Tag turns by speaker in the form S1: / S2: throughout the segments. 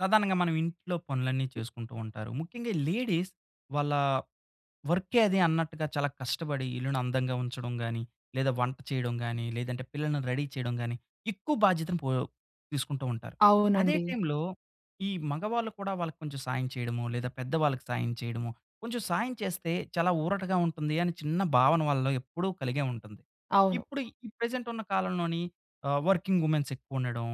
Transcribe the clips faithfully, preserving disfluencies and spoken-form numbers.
S1: సాధారణంగా మనం ఇంట్లో పనులన్నీ చేసుకుంటూ ఉంటారు. ముఖ్యంగా లేడీస్ వాళ్ళ వర్కే అదీ అన్నట్టుగా చాలా కష్టపడి ఇల్లుని అందంగా ఉంచడం గాని లేదా వంట చేయడం గాని లేదంటే పిల్లల్ని రెడీ చేయడం గాని ఎక్కువ బాధ్యతను పో తీసుకుంటూ ఉంటారు. అదే
S2: అవునండి.
S1: టైమ్‌లో ఈ మగవాళ్ళు కూడా వాళ్ళకి కొంచెం సాయం చేయడమో, లేదా పెద్దవాళ్ళకి సాయం చేయడమో కొంచెం సాయం చేస్తే చాలా ఊరటగా ఉంటుందని చిన్న భావన వాళ్ళలో ఎప్పుడూ కలిగే ఉంటుంది.
S2: అవును.
S1: ఇప్పుడు ఈ ప్రెజెంట్ ఉన్న కాలంలోని ఆహ్, వర్కింగ్ వుమెన్స్ ఎక్కువ ఉండడం,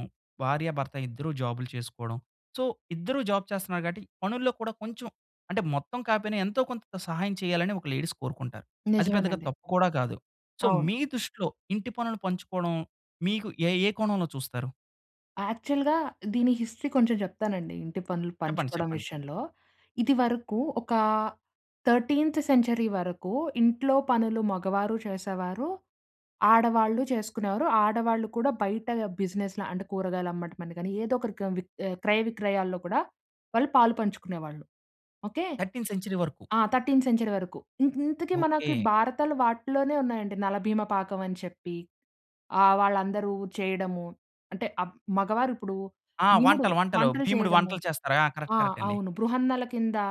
S1: భార్య భర్త ఇద్దరూ జాబులు చేసుకోవడం. సో ఇద్దరూ జాబ్ చేస్తున్నారు కాబట్టి పనుల్లో కూడా కొంచెం అంటే మొత్తం కాపోయినా, ఎంతో కొంత సహాయం చేయాలని ఒక లేడీస్ కోరుకుంటారు. అది పెద్దగా
S2: నిజమేనండి.
S1: తప్పు కూడా కాదు. సో
S2: అవును.
S1: మీ దృష్టిలో ఇంటి పనులు పంచుకోవడం మీకు ఏ ఏ కోణంలో చూస్తారు?
S2: యాక్చువల్‌గా దీని హిస్టరీ కొంచెం చెప్తానండి ఇంటి పనులు
S1: చెప్పండి,
S2: పంచుకోవడం
S1: చెప్పండి.
S2: విషయంలో. ఇదివరకు ఒకా థర్టీన్త్ సెంచరీ వరకు ఇంట్లో పనులు మగవారు చేసేవారు. ఆడవాళ్ళు చేసుకునేవారు. ఆడవాళ్ళు కూడా బయట బిజినెస్‌ల అంటే కూరగాయలమ్మడం అని గాని, ఏదో ఒకటి క్రమ్ విక్ ఆహ్, క్రయ విక్రయాల్లో కూడా వాళ్ళు పాలు పంచుకునేవాళ్ళు. ఓకె?
S1: థర్టీన్త్ సెంచరీ వరకు!
S2: ఆ! థర్టీన్త్ సెంచరీ వరకు. ఇ ఇంతకీ మనకు
S1: ఓకె.
S2: భారతాలు వాటిలోనే ఉన్నాయండి 'నలభీమ పాకం' అని చెప్పి ఆహ్, వాళ్ళందరూ చేయడము. అంటే అప్ మగవారిప్పుడూ
S1: ఆ!
S2: బీముడు,
S1: వంటలు, వంటలు.
S2: వంటలు
S1: భీముడు
S2: చేయడము.
S1: వంటలు చేస్తారు. ఆ! కరెక్ట్
S2: ఆ!
S1: కరెక్ట్ అండి!
S2: అవును. బృహన్నల కిందా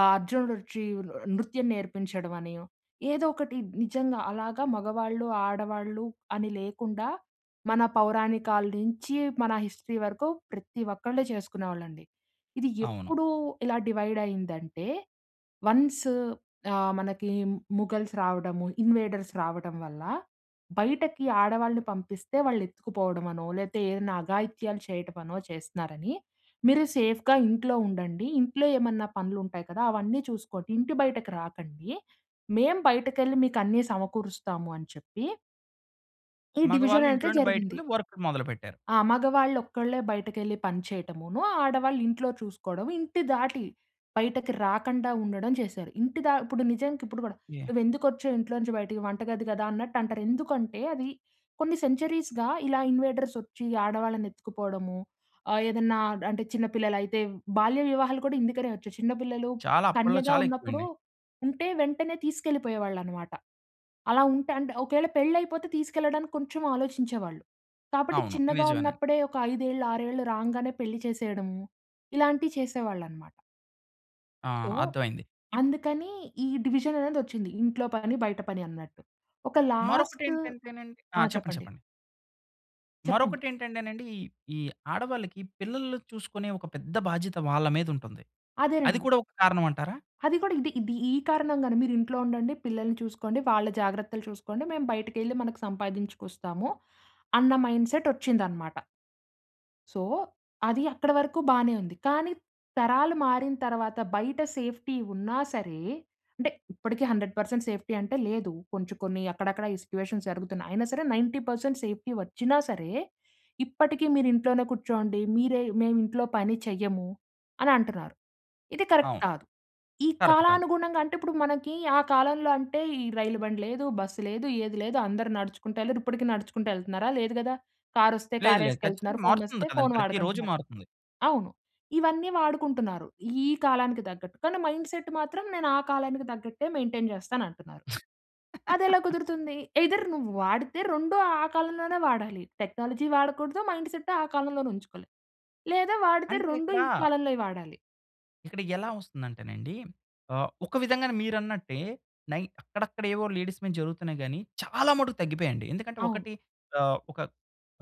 S2: ఆహ్, అర్జునుడొచ్చి ఆహ్, న్ నృత్యం నేర్పించడమని ఏదోకటి బ్ నిజంగా అలాగా మగవాళ్ళు, ఆడవాళ్ళు అని లేకుండా, మన పౌరాణికాల నుంచి మన హిస్టరీ వరకు ప్రతి ఒక్కళ్ళు చేసుకునేవాళ్ళండి. ఇది
S1: అవును.
S2: ఎప్పుడు ఇలా డివైడ్ అయిందంటే వన్స్ ఆహ్, మనకి ముఘల్స్ రావడము, ఇన్‌వేడర్స్ రావడం వల్ల, బయటకి ఆడవాళ్ళని పంపిస్తే వాళ్ళు ఎత్తుకుపోవడం అనో లేతే ఏదైనా అఘాయిత్యాలు చేయటమనో చేస్తున్నారని మీరు సేఫ్‌గా ఇంట్లో ఉండండి. ఇంట్లో ఏమన్నా పనులుంటాయి కదా! అవన్నీ చూసుకోండి. ఇంటి బయటకు రాకండీ. మేము బయటకెళ్లి మీకు అన్నీ సమకూరుస్తామని చెప్పి ఈ
S1: మగవాళ్ళు
S2: డివిజనయితే
S1: ఇంట్లో నుండి
S2: జరిగింది.
S1: బయటకెళ్ళి వర్కులు మొదలుపెట్టారు.
S2: ఆ! మగవాళ్ళొక్కళ్ళే బయటకెళ్ళి పని చేయటమునో, ఆడవాళ్ళు ఇంట్లో చూసుకోడం, ఇంటి దాటి బయటకి రాకండా ఉండడం చేశారు. ఇంటి ద ఇప్పుడు నిజానికిప్పుడు కూడా,
S1: యాహ్!
S2: నువ్వెందుకొచ్చావు ఇంట్లోంచి బయటికి వంటగది గదా అన్నట్టంటారు. ఎందుకంటే, అది కొన్ని సెంచరీస్‌గా ఇలా ఇన్‌వేడర్సొచ్చి ఆడవాళ్ళనెత్తుకుపోడము. ఆహ్, ఏదన్నా అంటే, చిన్న పిల్లలయితే బాల్య వివాహాలు కూడా ఇందుకనే వచ్చాయి. చిన్న పిల్లలు
S1: చాలా అప్పల్లో
S2: కన్యగా
S1: చాలా
S2: ఉన్నప్పుడు,
S1: ఎక్కువండి.
S2: ఉంటే వెంటనే తీసుకెళ్ళిపోయేవాళ్ళనమాట. అలా ఉంటే అంటే, ఒకేళ పెళ్ళైపోతే తీసుకెళ్ళడానికి కొంచెం ఆలోచించేవాళ్ళు. కాబట్టి
S1: అవును
S2: చిన్నగా
S1: నిజమేనండి.
S2: ఉన్నప్పుడే ఒక ఐదేళ్ళు, ఆరేళ్ళు రాంగనే పెళ్లి చేసేయడము, ఇలాంటియి చేసేవాళ్ళనమాట.
S1: ఆ!
S2: సో,
S1: అర్థమైంది. ఇప్పు
S2: అందుకనీ, ఈ డివిజననేదొచ్చింది. ఇంట్లో పని, బయట పని అన్నట్టు. ఒక లాస్టు
S1: మరొకటేంటంటేనండి ఆ!
S2: ఆ!
S1: చెప్పండి
S2: చెప్పండి.
S1: చెప్పండి.
S2: చెప్పండి.
S1: మరొకటెంటంటేనండి, ఈ ఈ ఆడవాళ్ళకి పిల్లలుని చూసుకునే ఒక పెద్ద బాధ్యత వాళ్ళ మీదుంటంది. అది
S2: అదేనండి.
S1: కూడా ఒక కారణవంటారా?
S2: అది కూడా ఇది ఇది ఈ కారణంగానే. మీరింట్లో ఉండండి, పిల్లల్ని చూసుకోండి, వాళ్ళ జాగ్రత్తలు చూసుకోండి, మేము బయటకెళ్ళి మనకు సంపాదించుకొస్తాము అన్న మైండ్‌సెటొచ్చిందనమాట. సో, అది అక్కడ వరకు బానే ఉంది, కానీ తరాలు మారిన తర్వాత, బయట సేఫ్టీ ఉన్నా సరే అంటే ఇప్పటికి హండ్రెడ్ పెర్సెంట్ సేఫ్టీ అంటే లేదు. కొంచుం కొన్నీ అక్కడక్కడ ఈ సిట్యుయేషన్స్ జరుగుతున్నాయి. అయినా సరే, నైన్టీ పర్సెంట్ సేఫ్టీ వచ్చినా సరే, ఇప్పటికీ మీరు ఇంట్లోనే కూర్చోండి. మీరే మేమింట్లో పని చెయ్యము అనంటన్నారు. ఇది కరక్ట్
S1: అవును.
S2: కాదు. ఈ
S1: కరక్ట్ కాదు.
S2: కాలానుగుణంగా అంటే, ఇప్పుడు మనకీ ఆ కాలంలో అంటే, ఈ రైలు బండి లేదు, బస్సు లేదు, ఏది లేదు, అందరూ నడుచుకుంటెళ్ళారు. ఇప్పడికీ నడుచుకుంటెళ్తన్నారా? లేదు గదా! కారొస్తే
S1: లేదు లేదు.
S2: కారేసుకెళ్తన్నారు.
S1: ఖచ్చితంగా
S2: ఫోనొస్తే
S1: మారుతుంది కదండీ!
S2: ఫోన్
S1: ప్రతి రోజు
S2: వాడకంటన్నారు.
S1: మారుతుంది.
S2: అవును. ఇవన్నీ వాడుకుంటున్నారు, ఈ కాలానికి తగ్గట్టు, కానీ మైండ్‌సెట్ మాత్రం నేను ఆ కాలానికి తగ్గట్టే మెయింటైన్ చేస్తానంటన్నారు. అదెలా కుదురుతుంది? ఎయిదర్ నువ్వు వాడితే రెండూ ఆ కాలంలోనే వాడాలి. టెక్నాలజీ వాడకూడదు. మైండ్‌సెట్టు ఆ కాలంలోనే ఉంచుకోవాలి. లేదా, వాడితే
S1: అంటే
S2: రొండూ
S1: ఇక్కడా
S2: ఈ కాలంలోయి వాడాలి.
S1: ఇక్కడ ఎలా వస్తుందంటేనండి. ఆహ్, ఒక విధంగానే మీరన్న‌ట్టే నై అక్కడక్కడ ఏవో లేడీస్ మీద జరుగుతున్నాయి గాని, చాలా మట్టుకు తగ్గిపోయాయండి. ఎందుకంటే
S2: అవును.
S1: ఒకటి ఆహ్, ఒక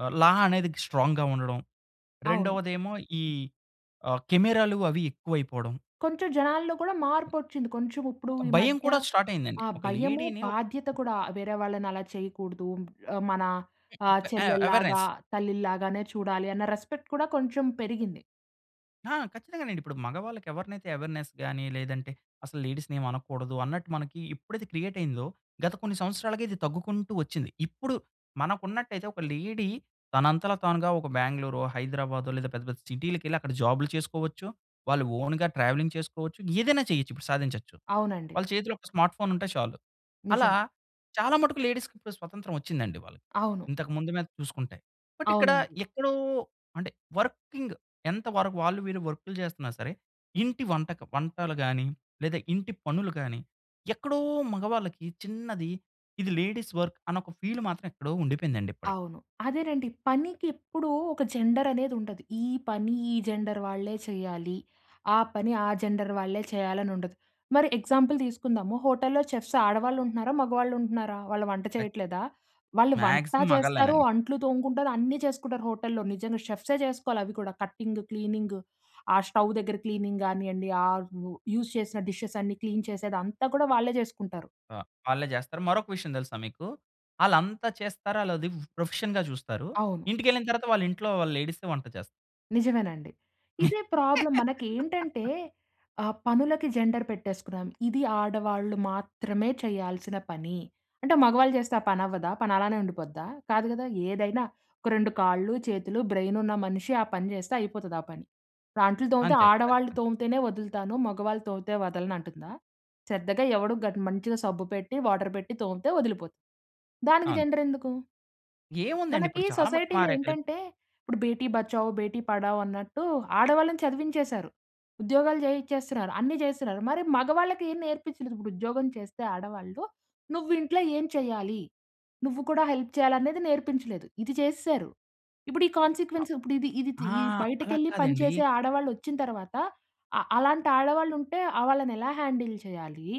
S1: ఆహ్, లా అనేది స్ట్రాంగ్‌గా ఉండడం.
S2: అవును.
S1: రెండవది ఏమో ఈ ఆహ్, కెమెరాలు అవి ఎక్కువైపోవడం.
S2: కొంచెం జనాల్లో కూడా మార్పొచ్చింది. కొంచెం, ఇప్పుడు
S1: ఒక
S2: ఈ
S1: భయం
S2: మధ్య
S1: కూడా స్టార్ట్ అయిందండి.
S2: ఆ
S1: ఒక
S2: భయము
S1: లేడీ‌ని, ఓ
S2: బాధ్యత కూడా వేరే వాళ్ళని అలా చేయకూడదు. ఆహ్, మన ఆహ్,
S1: అ ఆహ్,
S2: చెల్లెల్లాగా,
S1: అవేర్నెస్.
S2: తల్లిల్లాగానే చూడాలి అన్న రెస్పెక్ట్ కూడా కొంచెం పెరిగింది.
S1: ఆ! ఖచ్చితంగానండి. ఇప్పుడు మగవాళ్ళకి ఎవరినైతే అవేర్నెస్ గాని, లేదంటే అసలు లేడీస్‌ని ఏమి అనకూడదు అన్నట్టు మనకి ఎప్పుడైతే క్రియేట్ అయిందో, గత కొన్ని సంవత్సరాలుగా ఇది తగ్గుకుంటూ వచ్చింది. ఇప్పుడు మనకున్నట్టైతే, ఒక లేడీ తనంతల తానుగా ఒక బాంగ్‌ళూరో, హైదరాబాదో, లేదా పెద్ద పెద్ద సిటీలకెళ్లి అక్కడ జాబ్‌లు చేసుకోవచ్చు. వాళ్ళు ఓన్‌గా ట్రావెలింగ్ చేసుకోవచ్చు. ఏదైనా చేయొచ్చు. ఇప్పుడు సాధించొచ్చు.
S2: అవునండి.
S1: వాళ్ళ చేతిలో ఒక స్మార్ట్ ఫోన్ ఉంటే చాలు. అలా
S2: నిజమే.
S1: చాలా మట్టుకు లేడీస్‌కి ఇప్పుడు స్వతంత్రం వచ్చిందండి వాళ్లు.
S2: అవును.
S1: ఇంతకు ముందు మీద చూసుకుంటే. బట్ ఇక్కడ
S2: అవునండి.
S1: ఎక్కడో అంటే వర్కింగ్ ఎంత వరకు వాళ్ళు, వీళ్ళు వర్క్‌లు చేస్తున్నా సరే! ఇంటి వంటకు వంటలు గాని, లేదా ఇంటి పనులు గాని, ఎక్కడో మగవాళ్ళకి చిన్నది ఇది లేడీస్ వర్క్ అన్న ఒక ఫీల్ మాత్రం ఎక్కడో ఉండిపోయిందండి ఇప్పటికి.
S2: అవును. అదేనండి. పనికి ఎప్పుడూ, ఒక జెండర్ అనేది ఉండదు. ఈ పని ఈ జెండర్ వాళ్ళే చేయాలి. ఆ పని ఆ జెండర్ వాళ్ళే చేయాలని ఉండదు. మరి ఎగ్జాంపుల్ తీసుకుందాము. హోటల్లో చెఫ్స్ ఆడవాళ్ళు ఉంటున్నారా? మగవాళ్ళు ఉంటున్నారా? వాళ్ళు వంట
S1: అయ్
S2: చేయట్లేదా? వాళ్ళు వంటా
S1: మాక్సిమమ్
S2: చేస్తారు,
S1: మగళ్ళేనండి.
S2: అంట్లు తోముకుంటారు, అన్నీ చేసుకుంటారు హోటల్లో. నిజంగా చెఫ్సే చేసుకోవాలి అవి కూడ. కట్టింగు, క్లీనింగు ఆ స్టవ్ దగ్గర క్లీనింగ్ కానియండి. ఆ యూజ్ చేసిన డిషెస్ అన్నీ క్లీన్ చేసేది అంతా కూడా వాళ్ళే చేసుకుంటారు.
S1: ఆహ్, వాళ్ళే చేస్తారు. మరొక విషయం తెలుసా మీకు? ఆళ్ళంత చేస్తారా లేదా ఉ ప్రొఫెషన్‌గా చూస్తారు.
S2: అవును.
S1: ఇంటికెళ్ళిన తరువాత వాళ్ళ ఇంట్లో వాళ్ళ లేడీస్సే వంట చేస్తారు.
S2: నిజమేనండి. ఇదే ప్రాబ్లమ్ మనకెంటంటే, ఆహ్, పనులకి జెండర్ పెట్టేసుకున్నాం. ఇది ఆడవాళ్ళు మాత్రమే చేయాల్సిన పని. అంటే మగవాళ్ళు జేస్తే ఆ పని అవ్వదా? పని అలానే ఉండిపోద్దా? కాదు గదా! ఏదైనా ఒక రెండు కాళ్ళు, చేతులు, బ్రెయిన్ ఉన్న మనిషి ఆ పని జేస్తే అయిపోతది ఆ పని. అంట్లు తోమితే
S1: అంతే
S2: ఆడవాళ్లు
S1: ఖచ్చితంగా.
S2: తోమితేనే వదులుతాను, మగవాళ్ళు తోమితే వదలను అంటుందా? శ్రద్దగా ఎవడు గ మంచిగా సబ్బు పెట్టి, వాటర్ బెట్టి తోమితే వదిలిపోతుంది. దానికి
S1: అవును.
S2: జెండర్ ఎందుకు?
S1: ఏముందండి
S2: మనకి
S1: ఇప్పుడు చాలా మటుకు
S2: సొసైటీలో
S1: మారాయి కదా!
S2: ఏంటంటే, ఇప్పుడు బేటి బచావ్ బేటీ పడావ్ అన్నట్టు ఆడవాళ్ళని చదివించేసారు. ఉద్యోగాలు చేయిచ్చేస్తున్నారు, అన్ని చేస్తున్నారు. మరి మగవాళ్ళకి ఏం నేర్పించలేదు. ఇప్పుడు ఉద్యోగం చేస్తే ఆడవాళ్ళు. నువ్వు ఇంట్లో ఏం చెయ్యాలి? నువ్వు కూడా హెల్ప్ చేయాలి అనేది నేర్పించలేదు. ఇది చేసేసారు. ఇప్పుడు ఈ
S1: అ
S2: కాన్సీక్వెన్స్ ఇప్పుడు ఇది ఇది తి
S1: ఆ!
S2: ఈ
S1: అలా
S2: బయటకెళ్ళి పని
S1: కాదండి.
S2: చేసే ఆడవాళ్ళు వచ్చిన తరువాత. అ అలాంటి ఆడవాళ్ళు ఉంటే ఆహ్, వాళ్ళని ఎలా హ్యాండిల్ చేయాలి?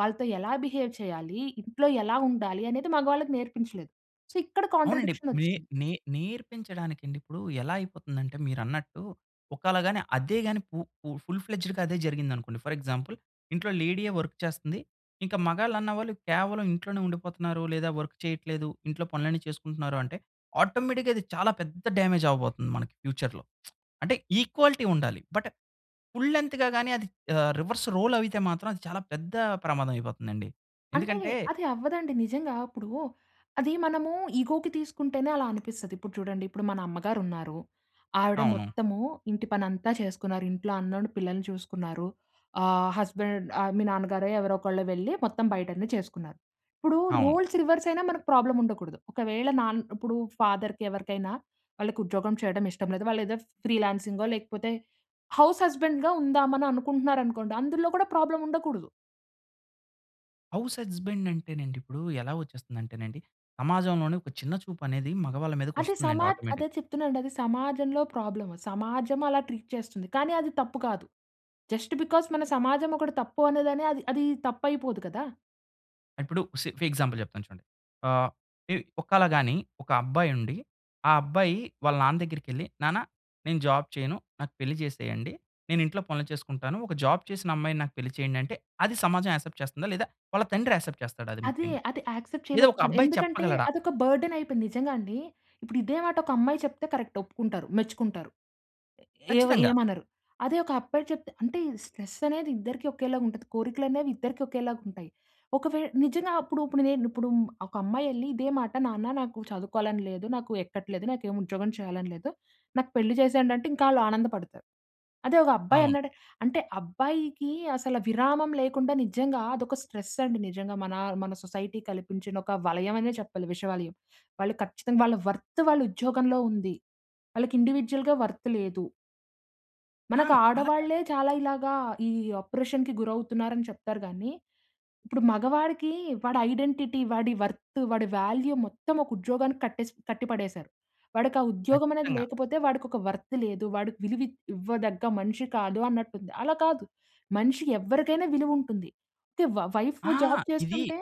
S2: వాళ్ళతో ఎలా బిహేవ్ చేయాలి? ఇంట్లో ఎలా ఉండాలి అనేది మగవాళ్ళకి నేర్పించలేదు. సో, ఇక్కడ
S1: అవునండి.
S2: కాంట్రాడిక్షన్
S1: నే
S2: వచ్చింది.
S1: నే నేర్పించడానికి అండి. ఇప్పుడు ఎలా అయిపోతుందంటే, మీరన్నట్టు ఒకళ గాని అదే గాని పు పు ఫుల్ ఫ్లెడ్జ్‌గా అదే జరిగింది అనుకోండి. ఫర్ ఎగ్జాంపుల్ ఇంట్లో లేడియే వర్క్ చేస్తుంది. ఇంక మగళ్ళు అన్నవాళ్ళు కేవలం ఇంట్లోనే ఉండిపోతున్నారు లేదా వర్క్ చేయట్లేదు. ఇంట్లో పనులన్నీ చేసుకుంటున్నారు అంటే, ఆటోమేటిక్‌గా అది చాలా పెద్ద డామేజ్ అవ్వబోతుంది మనకి ఫ్యూచర్‌లో. అంటే ఈక్వాలిటీ ఉండాలి. బట్ ఫుల్ లెంత్‌గా గానీ, అది ఆహ్, రివర్స్ రోల్ అవితే మాత్రం. అది చాలా పెద్ద ప్రమాదం అయిపోతుందండి.
S2: అంటే
S1: ఎందుకంటే
S2: అది అవ్వదండి. నిజంగా ఇప్పుడూ, అదీ మనము ఇగోకి తీసుకుంటేనే అలా అనిపిస్తది. ఇప్పుడు చూడండి. ఇప్పుడు మన అమ్మగారు ఉన్నారు. ఆవిడ
S1: అవును.
S2: మొత్తము, ఇంటి పని అంతా చేసుకున్నారు. ఇంట్లో అన్నోండి పిల్లల్ని చూసుకున్నారు. ఆహ్, హస్బాండ్ ఆహ్, మీ నాన్నగారో, ఎవరో ఒకళ్ళు వెళ్లి మొత్తం బయట అన్ని చేసుకున్నారు. ఇప్పుడూ
S1: అవును.
S2: రోల్స్ రివర్స్ అయినా మనకు ప్రాబ్లమ్ ఉండకూడదు. ఒకవేళ నాన్ ఇప్పుడూ ఫాదర్‌కి ఎవరికైనా వాళ్ళకి ఉద్యోగం చేయడం ఇష్టం లేదు. వాళ్ళు ఏదో ఫ్రీలాన్సింగో లేకపోతే హౌస్ హస్బాండ్‌గా ఉందామని అనుకుంటున్నారు అనుకోండి. అందులో కూడా ప్రాబ్లమ్ ఉండకూడదు.
S1: హౌస్ హస్బాండ్ అంటేనండి ఇప్పుడు ఎలా వచ్చేస్తుంది అంటేనండి, సమాజంలోనే ఒక చిన్న చూపు అనేది మగవాళ్ళ మీదకు
S2: అది
S1: ఒస్తుందండి
S2: సమా
S1: ఆటోమేటిక్.
S2: అదే చెప్తున్నాను అండి. అది సమాజంలో ప్రాబ్లమ్. సమాజం అలా ట్రీట్ చేస్తుంది. కానీ అది తప్పు కాదు. జస్ట్ బికాస్ మన సమాజం ఒకటి తప్పు అనేదాని అది, అది తప్పైపోదు కదా!
S1: ఇప్పుడు సి ఫి ఎగ్జాంపుల్ చెప్తాను చూడండి. ఆ! ఇ ఒకాళ గాని ఒక అబ్బాయి ఉండి, ఆ అబ్బాయి వాళ్ళ నాన్న దగ్గరికెళ్లి, "నాన్న నేను జాబ్ చేయను, నాకు పెళ్లి చేసేయండి, నేను ఇంట్లో పనులు చేసుకుంటాను, ఒక జాబ్ చేసిన అమ్మాయిని నాకు పెళ్లి చేయండి" అంటే అది సమాజం యాక్సెప్ట్ చేస్తుందా? లేదా వాళ్ళ తండ్రి యాక్సెప్ట్ చేస్తాడ అది
S2: అ‌దే,
S1: ముఖ్యంగా?
S2: అది యాక్సెప్ట్
S1: లేదా ఒక
S2: చేయలేకపో‌తునరు.
S1: అబ్బాయి
S2: ఎందుకంటే,
S1: చెప్పగలడా?
S2: అది ఒక బర్డెన్ అయిపోయింది. నిజంగా అండి. ఇప్పుడు ఇదే మాట ఒక అమ్మాయి చెప్తే కరెక్ట్. ఒప్పుకుంటారు, మెచ్చుకుంటారు. ఏ‌వ
S1: ఖచ్చితంగా.
S2: ఏమనరు. అదే ఒక అబ్బాయి చెప్తే అంటే ఇ స్ట్రెస్ అనేది ఇద్దరికి ఒకేలాగా ఉంటది, కోరికలు అనేవి ఇద్దరికి ఒకేలాగుంటాయి. ఒకవేళ నిజంగా అప్పుడు ఇప్పుడు‌నే ఇప్పుడు ఒక అమ్మాయి ఎళ్లి ఇదే మాట, "నాన్న నాకు చదువుకోవాలని లేదు, నాకు ఎక్కట్లేదు, నాకు ఏమి ఉద్యోగం చేయాలని లేదు, నాకు పెళ్లి చేసేయండి" అంటే ఇంకా ఆళ్ళు ఆనందపడతారు. అదే ఒక అబ్బాయి
S1: అవును.
S2: అన్నాడు అంటే అబ్బాయికి అసల విరామం లేకుండా నిజంగా అదొక స్ట్రెస్ అండి నిజంగా మన, మన సొసైటీ కల్పించిన ఒక వలయం అనే చెప్పాలి విషవలయం. వాళ్ళు ఖచ్చితంగా వాళ్ళ వర్త్ వాళ్ళ ఉద్యోగంలో ఉంది. వాళ్ళకి ఇండివిడ్యుయల్‌గ వర్త్ లేదు. మనకు
S1: ఆం! అలా కా
S2: ఆడవాళ్లే చాలా ఇలాగా ఈ అప్రోర్షన్‌కి గురవుతున్నారని చెప్తారు గాని, ఇప్పుడు మగవాడికి వాడి ఐడెంటిటీ వాడి వర్త్ వాడి వాల్యూ మొత్తం ఒక ఉద్యోగానికి కట్టేసి కట్టిపడేసారు. వాడికా ఉద్యోగం అనేది
S1: ఖచ్చితంగా.
S2: లేకపోతే వాడికొక వర్త్ లేదు. వాడికి విలువివ్వదగ్గ మనిషి కాదు అన్నట్టుంది. అలా కాదు. మనిషి ఎవరికైనా విలువ ఉంటుంది. తే, వైఫ్
S1: ఆ!
S2: జాబ్
S1: ఇది
S2: చేస్తుంటే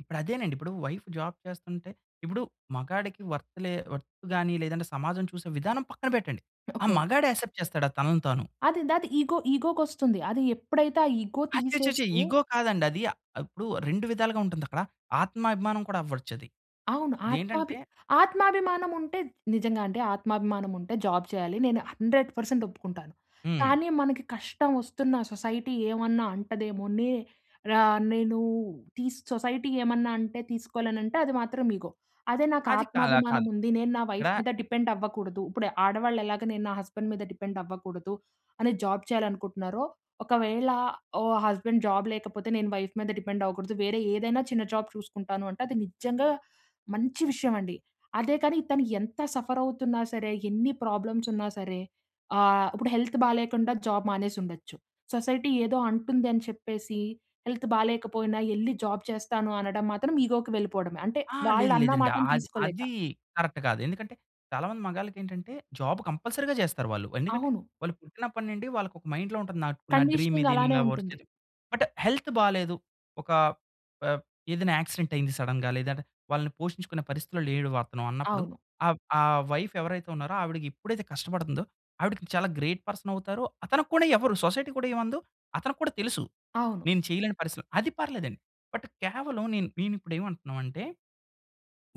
S1: ఇప్పుడు అదేనండి. ఇప్పుడు వైఫ్ జాబ్ చేస్తుంటే ఇప్పుడు మగాడికి వర్త్‌లే వర్త్ గాని లేదంటే సమాజం చూసే విధానం పక్కన పెట్టండి. ఆ
S2: ఓకే.
S1: మగాడు యాక్సెప్ట్ చేస్తాడా తనను తాను?
S2: అది దాది ఇగో, ఇగో‌కొస్తుంది. అది ఎప్పుడైతే ఆ ఇగో
S1: అచ్చ‌‌చ్చ‌‌చో!
S2: తీసేస్తే
S1: ఇగో కాదండి. అది ఇప్పుడు రెండు విధాలుగా ఉంటుంది అక్కడ. ఆత్మాభిమానం కూడా అవ్వచ్చు అది.
S2: అవును. ఆత్మాభి
S1: ఇదేంటంటే
S2: ఆత్మాభిమానం ఉంటే నిజంగా అంటే ఆత్మాభిమానం ఉంటే జాబ్ చేయాలి. నేను హండ్రెడ్ పర్సెంట్ ఒప్పుకుంటాను.
S1: హ్మ్.
S2: కానీ మనకి కష్టం వస్తున్న సొసైటీ ఏమన్నా అంటదేమో, నే ర నేను టీసు సొసైటీ ఏమన్నా అంటే తీసుకో‌లేను. అంటే అది మాత్రం ఇగో. అదే నాకు
S1: అది కాద
S2: ఆత్మాభిమానం
S1: కాదు.
S2: ఉంది నేను నా వైఫ్
S1: ఇక్కడ
S2: మీద డిపెండ్ అవ్వకూడదు. ఇప్పుడు ఆడవాళ్ళు ఎలాగా నేను నా హస్బెండ్ మీద డిపెండ్ అవ్వకూడదు అని జాబ్ చేయాలనుకుంటున్నారో, ఒకవేళ ఓ హస్బెండ్ జాబ్ లేకపోతే నేను వైఫ్ మీద డిపెండ్ అవ్వకూడదు. వేరే ఏదైనా చిన్న జాబ్ చూసుకుంటాను అంటే అది నిజంగా మంచి విషయం అండి. అదే కాని తను ఎంత సఫర్ అవుతున్నా సరే, ఎన్ని ప్రాబ్లమ్స్ ఉన్నా సరే, ఆహ్, ఇప్పుడు హెల్త్ బాలేకుండా జాబ్ మానేసి ఉండొచ్చు. సొసైటీ ఏదో అంటుంది అని చెప్పేసి హెల్త్ బాలేకపోయినా వెళ్లి జాబ్ చేస్తాను అనడం మాత్రం ఇగోకి వెళ్ళిపోవడమే. అంటే
S1: ఆ!
S2: వాళ్ళు
S1: లేదు
S2: అన్న
S1: లేదండి.
S2: మాటను
S1: అది,
S2: తీసుకోలేక.
S1: అది కరెక్ట్ కాదు. ఎందుకంటే చాలామంది మగాళ్ళకి ఏంటంటే జాబ్ కంపల్సరీగా చేస్తారు వాళ్ళు. ఎందుకంటే
S2: అవును.
S1: వాళ్ళు పుట్టినప్పటి నుండి వాళ్ళకి ఒక మైండ్‌లో ఉంటుంది. నా నా డ్రీమ్
S2: కండిషనింగ్
S1: ఇది,
S2: అలానే
S1: నేను
S2: ఉంటుంది.
S1: వర్క్ బట్ హెల్త్ బాలేదు. ఒక ఆహ్, ఏదైనా యాక్సిడెంట్ అయ్యింది సడెన్‌గా లేదంటే వాళ్ళని పోషించుకునే పరిస్థితిలో లేడు వతను అన్నప్పుడు
S2: అవును.
S1: ఆహ్, ఆహ్, వైఫ్ ఎవరైతే ఉన్నారో ఆవిడకి ఎప్పుడైతే కష్టపడుతుందో ఆవిడకి చాలా గ్రేట్ పర్సన్ అవుతారు. అతనికి కూడా ఎవరు సొసైటీ కూడా ఏమందో అతనికి కూడా తెలుసు.
S2: అవును.
S1: నేను చేయలేని పరిస్థితి‌లో అది పర్లేదండి. బట్ కేవలం నేను, నేను ఇప్పుడు ఏమంటున్నాం అంటే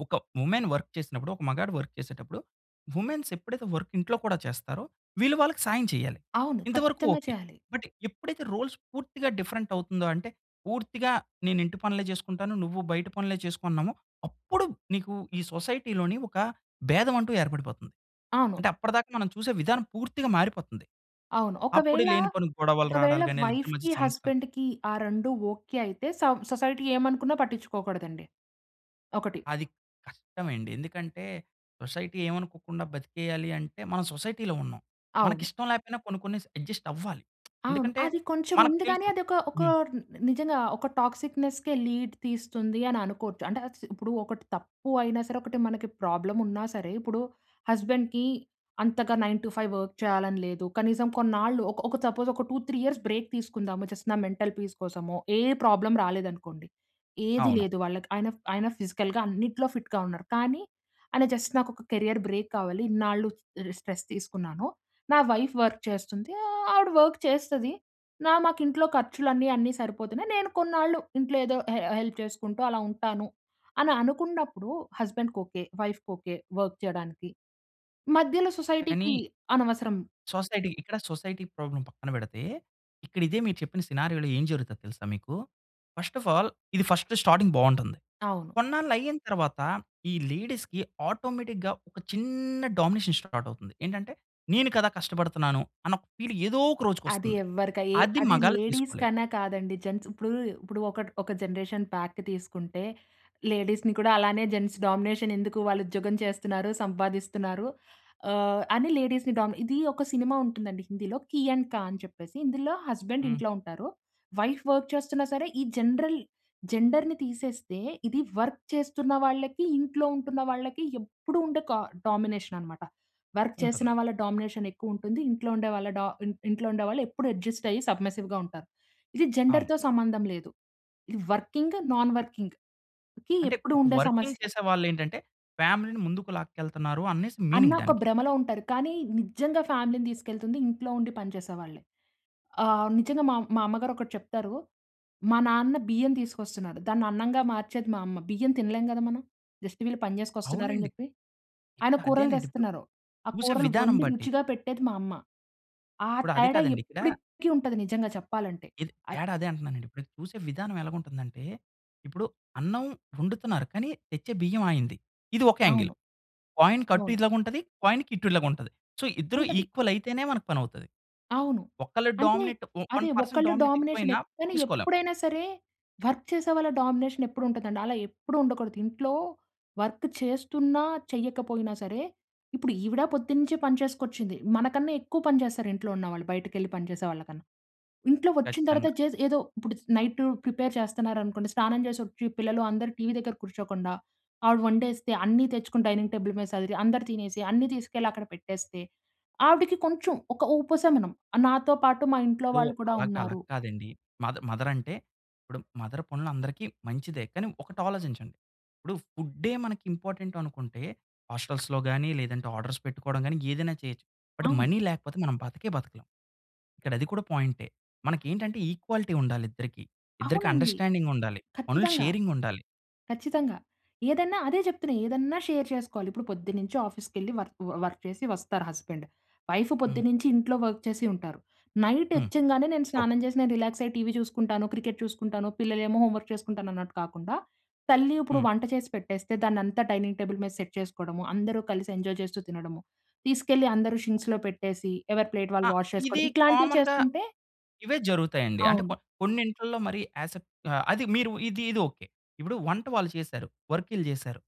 S1: ఒక వుమెన్ వర్క్ చేసినప్పుడు, ఒక మగాడు వర్క్ చేసేటప్పుడు వుమెన్స్ ఎప్పుడైతే వర్క్ ఇంట్లో కూడా చేస్తారో, వీళ్ళు వాళ్ళకి సహాయం చేయాలి.
S2: అవును.
S1: ఇంతవరకు
S2: ఖచ్చితంగా
S1: ఓకే.
S2: చేయాలి.
S1: బట్ ఎప్పుడైతే రోల్స్ పూర్తిగా డిఫరెంట్ అవుతుందో, అంటే పూర్తిగా నేను ఇంటి పనులే చేసుకుంటాను. నువ్వు బయట పనులే చేసుకున్నామో, అప్పుడు నీకు ఈ సొసైటీ‌లోని ఒక భేదం అంటూ ఏర్పడిపోతుంది.
S2: అవును.
S1: అంటే అప్పటిదాకా మనం చూసే విధానం పూర్తిగా మారిపోతుంది.
S2: అవును.
S1: అప్పుడు
S2: ఒకవేళ
S1: లేని పోని గొడవలు
S2: ఒకవేళ
S1: రావడాలు గాని ఇద్దరి మధ్య
S2: వైఫ్‌కి
S1: సమస్యలు
S2: హస్బాండ్‌కి ఆ రెండు ఓకే అయితే సోవ్ సొసైటీ ఏమనుకున్న పట్టించుకోకూడదండి. ఒకటి.
S1: అది కష్టం అండి. ఎందుకంటే సొసైటీ ఏవనుకోకుండా బతికేయాలి అంటే మనం సొసైటీలో ఉన్నాం. మనకి
S2: అవును.
S1: ఇష్టం లేకపోయినా కొన్ని, కొన్ని అడ్జస్ట్ అవ్వాలి.
S2: అవును.
S1: ఎందుకంటే
S2: అది కొంచెం
S1: మనకు
S2: ఉంది కానీ
S1: తెలుసు
S2: అదొక ఒక
S1: హ్మ్.
S2: ని నిజంగా ఒక టాక్సిక్‌నెస్‌‌కే లీడ్ తీస్తుంది అని అనుకోవచ్చు. అంటే ఆస్ ఇప్పుడు ఒకటి తప్పు అయినా సరే, ఒకటి మనకి ప్రాబ్లమ్ ఉన్నా సరే ఇప్పుడు హస్బెండ్‌కి అంతగా నైన్ టు ఫైవ్ వర్క్ చేయాలని లేదు. కనీసం కొన్నాళ్ళు ఒక ఒక సపోజ్ ఒక టూ త్రీ యియర్స్ బ్రేక్ తీసుకుందాము. జస్ట్ నా మెంటల్ పీస్ కోసమో, ఏ ప్రాబ్లమ్ రాలేదు అనుకోండి. ఏది
S1: అవును.
S2: లేదు వాళ్ళకి అయినా‌ఫి అయినా ఫిజికల్‌గా అన్నిటిలో ఫిట్‌గా ఉన్నారు. కానీ అని జస్ట్ నాకు ఒక కేరియర్ బ్రేక్ కావాలి. ఇన్నాళ్ళు స్ట్రెస్ తీసుకున్నాను. నా వైఫ్ వర్క్ చేస్తుంది. ఆవిడ వర్క్ చేస్తది. న మాకు ఇంట్లో ఖర్చులు అన్ని అన్ని సరిపోతున్నాయి. నేను కొన్నాళ్ళు ఇంట్లో ఏదో హె హెల్ప్ చేసుకుంటూ అలా ఉంటాను అని అనుకున్నప్పుడు, హస్బాండ్‌కి ఓకే. వైఫ్‌కి ఓకే. వర్క్ చేయడానికి మధ్యలో సొసైటీకి
S1: కానీ
S2: అనవసరం.
S1: సొసైటీ. ఇక్కడ సొసైటీ ప్రాబ్లమ్ పక్కన పెడితే, ఇక్కడ ఇదే మీరు చెప్పిన సినారియోలో ఏం జరుగుతుందో తెలుసా మీకు? ఫస్ట్ ఆఫ్ ఆల్ ఇది ఫస్ట్ స్టార్టింగ్ బాగుంటుంది.
S2: అవును.
S1: కొన్నాళ్ళు అయిన తరువాత ఈ లేడీస్‌కి ఆటోమేటిక్‌గా ఒక చిన్న డామినేషన్ స్టార్ట్ అవుతుంది. ఏంటంటే నేను కదా కష్టపడుతున్నాను. అన్న ఒక ఫీల్ ఏదో ఒక
S2: అది
S1: రోజుకొస్తుంది.
S2: ఎవ్వరికై
S1: అది
S2: అది
S1: మగాలు
S2: లేడీస్
S1: తీసుకోలేరు.
S2: కన్నా కాదండి. జెంట్స్ ఇప్పుడు ఇప్పుడు ఒక ఒక జనరేషన్ ప్యాక్ తీసుకుంటే లేడీస్‌ని కూడా అలానే జెంట్స్ డామినేషన్ ఎందుకు వాళ్ళు ఉద్యోగం చేస్తున్నారు? సంపాదిస్తున్నారు? ఆ! అని లేడీస్‌‌ని డం ఇది ఒక సినిమా ఉంటుందండి హిందీలో. 'కీ అండ్ క' అని చెప్పేసి ఇందులో హస్బెండ్
S1: హ్మ్.
S2: ఇంట్లో ఉంటారు. వైఫ్ వర్క్ చేస్తున్నా సరే ఈ జనరల్ జెండర్‌‌ని తీసేస్తే ఇది వర్క్ చేస్తున్న వాళ్ళకి ఇంట్లో ఉంటున్న వాళ్ళకి ఎప్పుడు ఉండే క డామినేషన్ అన్నమాట. వర్క్ చేసిన
S1: ఉంటుంది.
S2: వాళ్ళ డామినేషన్ ఎక్కువ ఉంటుంది. ఇంట్లో ఉండే వాళ్ళ డ ఇ ఇంట్లో ఉండే వాళ్ళు ఎప్పుడు అడ్జస్ట్ అయ్యి సబ్మర్సివ్‌గా ఉంటారు. ఇది
S1: అవును.
S2: జెండర్‌తో సంబంధం లేదు. ఇది వర్కింగ్, నాన్ వర్కింగ్‌‌కి
S1: అంటే
S2: ఎప్పుడు
S1: ఒక
S2: ఉండే
S1: వర్కింగ్
S2: సమస్య.
S1: చేసే వాళ్ళేంటంటే ఫ్యామిలీ‌‌ని ముందుకు లాకెళ్తున్నారు అనే‌సి
S2: అన్న
S1: మీనింగ్
S2: ఒక
S1: దానికి.
S2: భ్రమలో ఉంటారు. కానీ నిజంగా ఫ్యామిలీ‌నీ తీసుకెళ్తుంది ఇంట్లో ఉండి పని చేసేవాళ్ళే. ఆ! నిజంగా మా మా అమ్మగారు ఒకటి చెప్తారు. మా నాన్న బియ్యం తీసుకొస్తున్నారు. దాన్ని అన్నంగా మార్చేది మా అమ్మ. బియ్యం తినలేం కదా మనం. జస్ట్ వీళ్ళు పని చేసుకొని వస్తున్నారు అని
S1: అవునండి.
S2: చెప్పి. ఆయన
S1: ఇపుడు
S2: కూరలు
S1: అదేనండి. ఇపుడు
S2: తెస్తున్నారు. ఆ
S1: చూసే
S2: కూరలు
S1: విధానం
S2: వండి
S1: బట్టి.
S2: రుచిగా పెట్టేది మా అమ్మ. ఆ
S1: ఇప్పుడు అది
S2: తేడా
S1: కాదండి. ఇక్కడ
S2: ఎప్పటికి ఉంటది నిజంగా చెప్పాలంటే.
S1: ఇది.
S2: అద్
S1: తేడా అదే అంటున్నానండి. ఇప్పుడు చూసే విధానం ఎల‌గుంటుందంటే, ఇప్పుడు అన్నం వండుతున్నారు. కానీ తెచ్చే బియ్యం ఆయనది. ఇది ఒక యాంగిల్.
S2: అవును.
S1: కాయిన్ కటు,
S2: అవును.
S1: ఇలాగా ఉంటది, కాయిన్ కిటు ఇలాగా ఉంటది. సో, ఇద్దరు
S2: ఉంటది.
S1: ఈక్వల్ అయితేనే మనకు పని అవుతది.
S2: అవును.
S1: ఒక్కళ్ళు
S2: అంటే,
S1: డామినేట్
S2: అ‌దే
S1: వన్ పర్సెంట్
S2: ఒకళ్ళు
S1: డామినేట్
S2: డామినేషన్
S1: ఎక్కువైనా
S2: ఎప్ కానీ
S1: తీసుకోలేం.
S2: ఎప్పుడైనా సరే వర్క్ చేసే వాళ్ళ డామినేషన్ ఎప్పుడు ఉంటదండి. అలా ఎప్పుడు ఉండకూడదు ఇంట్లో వర్క్ చేస్తున్నా చెయ్యకపోయినా సరే, ఇప్పుడు ఈవిడ పొద్దునుంచే పని చేసుకొచ్చింది. మనకన్నా ఎక్కువ పని చేస్తారు ఇంట్లో ఉన్న వాళ్ళు బయటకి వెళ్లి పని చేసే వాళ్ళ కన్నా. ఇంట్లో వచ్చిన తర్వాత
S1: కచ్చితంగా.
S2: చేసి ఏదో ఇప్పుడు నైట్ ప్రిపేర్ చేస్తున్నారనుకోండి స్నానం చేసి వచ్చి పిల్లలు అందరూ టీవీ దగ్గర కూర్చోకుండా, ఆవిడ వండేస్తే అన్నీ తెచ్చుకొని డైనింగ్ టేబుల్ మీద సదిరి అందరూ తినేసి అన్నీ తీసుకెళ్ళి అక్కడ పెట్టేస్తే, ఆవిడకి కొంచెం ఒక ఉపశమనం నాతో పాటు మా ఇంట్లో
S1: సో,
S2: వాళ్ళు కూడా
S1: అల‌గా అలా
S2: ఉన్నారు.
S1: కాదండి. మద్ మదర్ అంటే ఇపుడు మదర్ పనులు అందరికీ మంచిదే. కానీ ఒకటాలోచించండి. ఇప్పుడు ఫు‌డే మనకి ఇంపార్టెంట్ అనుకుంటే హోస్టెల్స్‌లో కానీ లేదంటే ఆర్డర్స్ పెట్టుకోవడం కానీ ఏదైనా చేయొచ్చు. బట్
S2: అవును.
S1: మనీ లేకపోతే మనం బతికే బతకలేం. ఇక్కడ అది కూడా పాయిం‌టె. మనకి ఏంటంటే ఈక్వాలిటీ ఉండాలి ఇద్దరికీ. ఇద్దరికీ
S2: అవునండి.
S1: అండర్‌స్టాండింగ్ ఉండాలి. పనులు
S2: ఖచ్చితంగా.
S1: షేరింగ్ ఉండాలి.
S2: ఖచ్చితంగా. ఏదన్నా అదే చెప్తున్నా. ఏదన్నా షేర్ చేసుకోవాలి. ఇప్పుడు పొద్దున్న నుంచి ఆఫీస్‌కి వెళ్లి వర్క్ వర్క్ చేసి వస్తారు హస్బాండ్. వైఫ్
S1: హ్మ్.
S2: పొద్దున్న నుంచి ఇంట్లో వర్క్ చేసి ఉంటారు. నైట్
S1: హ్మ్.
S2: వచ్చిగానే నేను
S1: ఓహ్!
S2: స్నానం చేసి నేను రిలాక్స్ అయ్యి టీవీ చూసుకుంటాను. క్రికెట్ చూసుకుంటాను. పిల్లలు ఏమో హోమ్ వర్క్ చేసుకుంటాను. అన్నట్టు కాకుండా తల్లి ఇప్పుడు
S1: హ్మ్.
S2: వంట చేసి పెట్టేస్తే దాన్ని అంతా డైనింగ్ టేబుల్ మీద సెట్ చేసుకోవడము, అందరూ కలిసి ఎంజాయ్ చేస్తూ తినడము, తీసుకెళ్లి అందరూ షింక్స్‌లో పెట్టేసి ఎవరి ప్లేట్
S1: ఆ!
S2: వాళ్ళు వాష్
S1: ఇది
S2: చేసుకోవడం ఇట్లాంటివి
S1: కామన్‌గా
S2: చేసుకుంటే
S1: ఇవే జరుగుతాయండి. అంటే కొ
S2: అవును.
S1: కొన్ని ఇంట్లల్లో మరి యా‌స్‌ట్ ఆ అది మీరు ఇది, ఇది ఓకే. ఇప్పుడు వంట వాళ్ళు చేసారు. వర్క్ ఈళ్ళు చేసారు.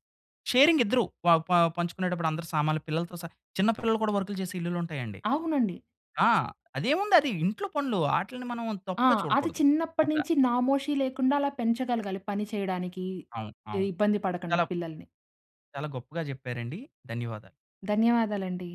S1: షేరింగ్ ఇద్దరూ ప ప పంచుకునేటప్పుడు అందరూ సామాన్లు పిల్లలతో చిన్న పిల్లలు కూడా వర్క్‌లు చేసే ఇల్లులు ఉంటాయండి.
S2: అవునండి.
S1: ఆ! అదేముంది అది ఇంట్లో పనులు వాటిని మనం
S2: ఆ!
S1: తప్పుగా
S2: అది
S1: చూడకూడదు.
S2: చిన్నప్పటినుంచి నామోషి లేకుండా అలా పెంచగలగాలి. పని చేయడానికి
S1: అవును.
S2: ఇ
S1: అవును.
S2: ఇబ్బంది పడకుండా
S1: చాలా
S2: పిల్లల్ని.
S1: చాలా గొప్పగా చెప్పారండి. ధన్యవాదాలు.
S2: ధన్యవాదాలండి.